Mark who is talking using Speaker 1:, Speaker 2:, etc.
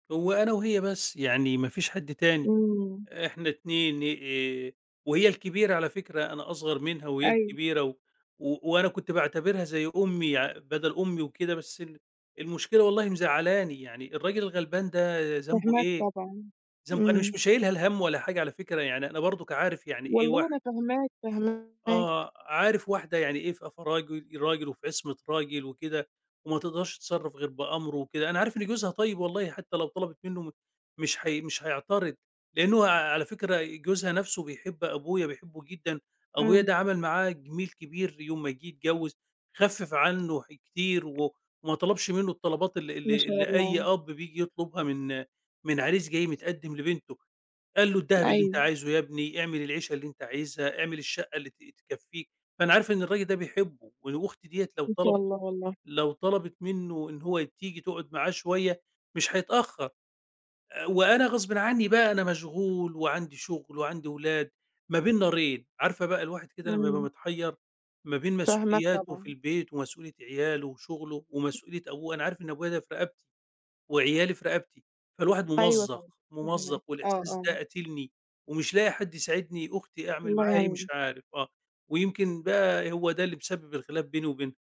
Speaker 1: هو أنا وهي بس، يعني ما فيش حد تاني،
Speaker 2: إمم.
Speaker 1: إحنا 2 آآ، وهي الكبيرة على فكرة، أنا أصغر منها، وهي
Speaker 2: أيوه.
Speaker 1: الكبيرة و وأنا كنت باعتبرها زي أمي يع بدل أمي وكده، بس ال المشكلة والله مزعلاني، يعني الراجل الغلبان ده ذنبه
Speaker 2: فاهماك
Speaker 1: إيه؟
Speaker 2: طبعًا،
Speaker 1: ذنبه أنا
Speaker 2: إمم.
Speaker 1: مش مشيّلها الهمّ ولا حاجة على فكرة يعني، أنا برضك عارف يعني إيه
Speaker 2: والله
Speaker 1: واحدة
Speaker 2: أنا فاهماك، فاهماك.
Speaker 1: آه، عارف واحدة يعني إيه في في راجل راجل وفي عصمة راجل وكده، وما تقدرش تتصرّف غير بأمرُه وكده. أنا عارف إن جوزها طيّب والله، حتّى لو طَلَبِت منّه مش هي مش هيعترض لأن هو على فكرة جوزها نفْسُه بيحب أبويا، بيحبُه جدًا، أبويا
Speaker 2: إمم.
Speaker 1: ده عمل معاه جِميل كبير يوم ما جِه يتجوّز خفِّف عنّه حاجات كتير، وما طلبش منّه الطلبات اللي
Speaker 2: ما
Speaker 1: اللي
Speaker 2: شاء
Speaker 1: اللي أي
Speaker 2: الله.
Speaker 1: أب بييجي يطلبها من من عريس جاي متقدم لبنتُه، قال له: "الدهب اللي أنت
Speaker 2: أيوه.
Speaker 1: عايزُه يا ابني، اعمل العيشة اللي أنت عايزها، اعمل الشقّة اللي ت تكفّيك." فأنا عارف إن الراجل ده بيحبُه، و وأختي ديَّة لو
Speaker 2: ما شاء
Speaker 1: طَلَبِت
Speaker 2: الله والله.
Speaker 1: لو طَلَبِت منّه إن هو تيجي تقعد معاه شويّة مش هيتأخر، آآ، وأنا غصبٍ عنّي بقى أنا مشغول وعندي شغل، وعندي ولاد، ما بين نارين. عارفة بقى الواحد كده لمّا يبقى
Speaker 2: إمم.
Speaker 1: متحيّر ما بين
Speaker 2: فاهماك
Speaker 1: مسؤولياتُه في
Speaker 2: طبعًا.
Speaker 1: البيت ومسؤولية عيالُه وشغلُه، ومسؤولية أبوه؟ أنا عارف إن أبويا ده في رقبتي وعيالي في رقبتي، فالواحد
Speaker 2: أيوه،
Speaker 1: ممزّق،
Speaker 2: طبعًا فاهماك،
Speaker 1: ممزّق
Speaker 2: آه،
Speaker 1: والإحساس
Speaker 2: آه.
Speaker 1: ده قاتلني، ومش لاقي حد يساعدني، أختي أعمل
Speaker 2: الله
Speaker 1: معاها إيه مش
Speaker 2: يعينك.
Speaker 1: عارف، آه ويمكن بقى هو ده اللي مسبِّب الخلاف بيني وبينها.